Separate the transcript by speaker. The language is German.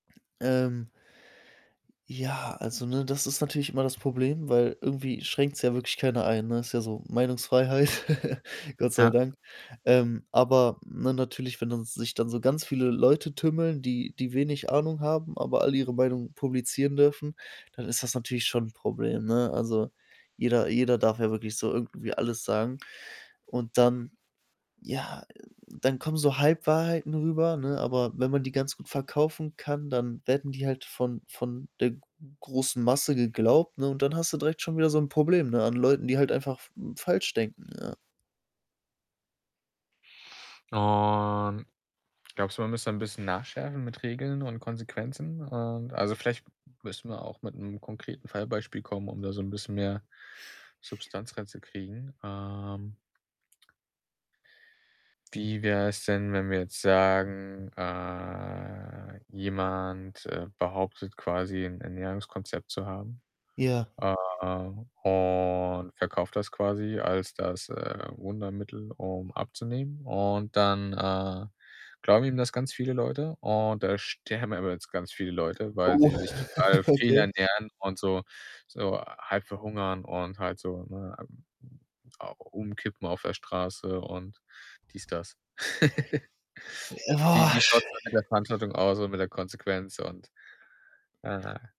Speaker 1: Ähm ja, also, ne, das ist natürlich immer das Problem, weil irgendwie schränkt's ja wirklich keiner ein, ne, ist ja so Meinungsfreiheit, Gott sei
Speaker 2: Ja.
Speaker 1: Dank. Ähm, aber, ne, natürlich, wenn dann sich dann so ganz viele Leute tümmeln, die die wenig Ahnung haben, aber alle ihre Meinung publizieren dürfen, dann ist das natürlich schon 'n Problem, ne? Also, jeder jeder darf ja wirklich so irgendwie alles sagen und dann ja, äh, dann kommen so Halbwahrheiten rüber, ne? Aber wenn man die ganz gut verkaufen kann, dann werden die halt von von der g großen Masse geglaubt, ne, und dann hast du direkt schon wieder so 'n Problem, ne, an Leuten, die halt einfach f falsch denken, ja.
Speaker 2: Und, glaubst du, man muss da 'n bisschen nachschärfen mit Regeln und Konsequenzen, und also, vielleicht müssen wir auch mit 'nem konkreten Fallbeispiel kommen, um da so 'n bisschen mehr Substanz reinzukriegen. Ähm wie wär's denn, wenn wir jetzt sagen, äh, jemand, äh, behauptet quasi, 'n Ernährungskonzept zu haben,
Speaker 1: Ja.
Speaker 2: äh, und verkauft das quasi als das, äh, Wundermittel, um abzunehmen und dann, äh, glauben ihm das ganz viele Leute, und da sterben aber jetzt ganz viele Leute, weil
Speaker 1: Oh,
Speaker 2: sie sich total
Speaker 1: okay.
Speaker 2: fehlernähren und so so halb verhungern und halt so, ne, hm hm, au umkippen auf der Straße und dies, das. Wie wie
Speaker 1: Oh,
Speaker 2: schaut's da mit der
Speaker 1: [unintelligible]
Speaker 2: Verantwortung aus und mit der Konsequenz und naja.